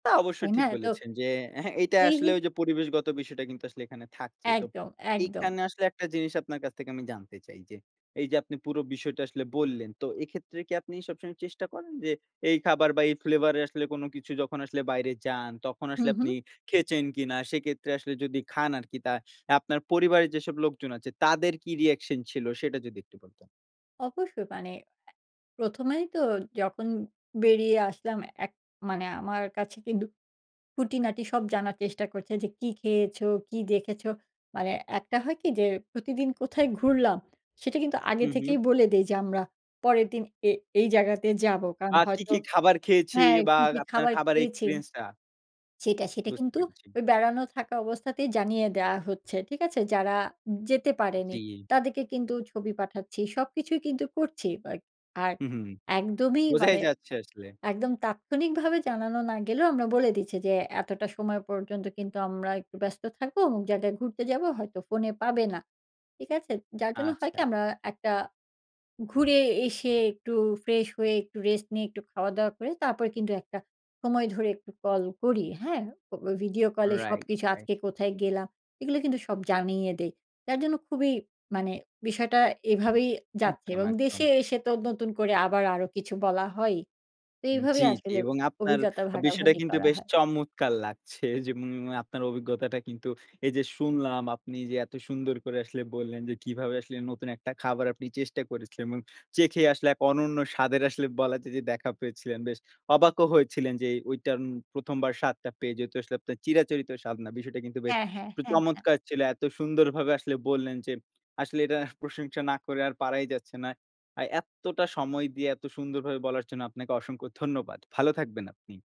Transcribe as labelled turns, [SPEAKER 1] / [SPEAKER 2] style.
[SPEAKER 1] তা অবশ্য
[SPEAKER 2] তাই না?
[SPEAKER 1] ঠিক
[SPEAKER 2] এতো
[SPEAKER 1] বলেছেন। যে, হ্যাঁ, এইটা
[SPEAKER 2] এই
[SPEAKER 1] আসলে ওইযে পরিবেশগত বিষয়টা কিন্তু আসলে এখানে থাকছে। তো
[SPEAKER 2] একদম, একদম।
[SPEAKER 1] এইখানে আসলে একটা জিনিস আপনার কাছ থেকে আমি জানতে চাই যে, এইযে আপনি পুরো বিষয়টা আসলে বললেন। তো এক্ষেত্রে কি আপনি সবসময় চেষ্টা করেন যে এই খাবার বা, এই ফ্লেভার এ আসলে কোন কিছু যখন আসলে বাইরে যান, তখন
[SPEAKER 2] হু,
[SPEAKER 1] আসলে আপনি
[SPEAKER 2] হু।
[SPEAKER 1] খেয়েছেন কিনা? সেক্ষেত্রে আসলে যদি খান আরকি, তা আপনার পরিবারের যেসব লোকজন আছে, তাদের কি রিঅ্যাকশন ছিল? সেটা যদি একটু বলতেন।
[SPEAKER 2] অবশ্যই মানে অ্যা ১ম এই তো যখন বেরিয়ে আসলাম, এক মানে আমার কাছে কিন্তু খুঁটিনাটি সব জানার চেষ্টা করছে যে, "কি খেয়েছো? কি দেখেছো?" মানে একটা হয় কি যে, প্রতিদিন কোথায় ঘুরলাম, সেটা কিন্তু আগে
[SPEAKER 1] হু, হু।
[SPEAKER 2] থেকেই বলে দেই যে, "আমরা পরের দিন এ এই জায়গাতে যাবো।" কারণ
[SPEAKER 1] আ কি,
[SPEAKER 2] হয়তো
[SPEAKER 1] কি খাবার খেয়েছি
[SPEAKER 2] হ্যাঁ,
[SPEAKER 1] বা,
[SPEAKER 2] কি, কি
[SPEAKER 1] আপনার
[SPEAKER 2] খাবার
[SPEAKER 1] খাবারের
[SPEAKER 2] খেয়েছি
[SPEAKER 1] এক্সপেরিয়েন্সটা।
[SPEAKER 2] সেটা। সেটা
[SPEAKER 1] বুঝতে
[SPEAKER 2] কিন্তু
[SPEAKER 1] পেরেছি।
[SPEAKER 2] ওই বেড়ানো থাকা অবস্থাতেই জানিয়ে দেওয়া হচ্ছে। ঠিক আছে? যারা যেতে পারেনি,
[SPEAKER 1] জি।
[SPEAKER 2] তাদেরকে কিন্তু ছবি পাঠাচ্ছি। সবকিছুই কিন্তু করছি। বা আর
[SPEAKER 1] হু, হু।
[SPEAKER 2] একদমই
[SPEAKER 1] বোঝাই
[SPEAKER 2] মানে
[SPEAKER 1] যাচ্ছে আসলে।
[SPEAKER 2] একদম তাৎক্ষণিকভাবে জানানো না গেলেও আমরা বলে দিচ্ছি যে, "এতটা সময় পর্যন্ত কিন্তু আমরা একটু ব্যস্ত থাকবো, অমুক জায়গাতে ঘুরতে যাবো। হয়তো ফোনে পাবে না।" ঠিক আছে? যার জন্য হয় কি?
[SPEAKER 1] আচ্ছা।
[SPEAKER 2] আমরা একটা ঘুরে এসে একটু ফ্রেশ হয়ে, একটু রেস্ট নিয়ে, একটু খাওয়া-দাওয়া করে, তারপর কিন্তু একটা সময় ধরে একটু কল করি। হ্যাঁ? ও ওই ভিডিও কলে
[SPEAKER 1] রাইট,
[SPEAKER 2] সবকিছু
[SPEAKER 1] রাইট।
[SPEAKER 2] আজকে কোথায় গেলাম, এগুলো কিন্তু সব জানিয়ে দেই। যার জন্য খুবই মানে বিষয়টা এভাবেই যাচ্ছে।
[SPEAKER 1] একদম,
[SPEAKER 2] এবং
[SPEAKER 1] একদম।
[SPEAKER 2] দেশে এসে তো নতুন করে আবার আরো কিছু বলা হয়ই। তো
[SPEAKER 1] উম জি,
[SPEAKER 2] এভাবেই
[SPEAKER 1] জি
[SPEAKER 2] আসলে অ
[SPEAKER 1] এবং আপনার
[SPEAKER 2] অভিজ্ঞতা
[SPEAKER 1] বিষয়টা
[SPEAKER 2] ভাগাভাগি
[SPEAKER 1] কিন্তু
[SPEAKER 2] করা
[SPEAKER 1] বেশ
[SPEAKER 2] হয়।
[SPEAKER 1] চমৎকার লাগছে। যেমন আপনার অভিজ্ঞতাটা কিন্তু এইযে শুনলাম আপনি যে এত সুন্দর করে আসলে বললেন। যে কিভাবে আসলে নতুন একটা খাবার আপনি চেষ্টা করেছিলেন এবং চেখে আসলে এক অনন্য স্বাদের আসলে বলা যায় যে দেখা পেয়েছিলেন। বেশ অবাকও হয়েছিলেন যে এ ঐটা ১ম বার স্বাদটা পেয়ে। যেহেতু আসলে আপনার চিরাচরিত স্বাদ না। বিষয়টা কিন্তু বেশ
[SPEAKER 2] হ্যাঁ, হ্যাঁ,
[SPEAKER 1] উম
[SPEAKER 2] হ্যাঁ, হ্যাঁ।
[SPEAKER 1] চমৎকার ছিল। এত সুন্দরভাবে আসলে বললেন যে, আসলে এটা প্রশংসা না করে আর পারাই যাচ্ছে না। আর এত্তটা সময় দিয়ে এত সুন্দরভাবে বলার জন্য আপনাকে অসংখ্য ধন্যবাদ। ভালো থাকবেন আপনি।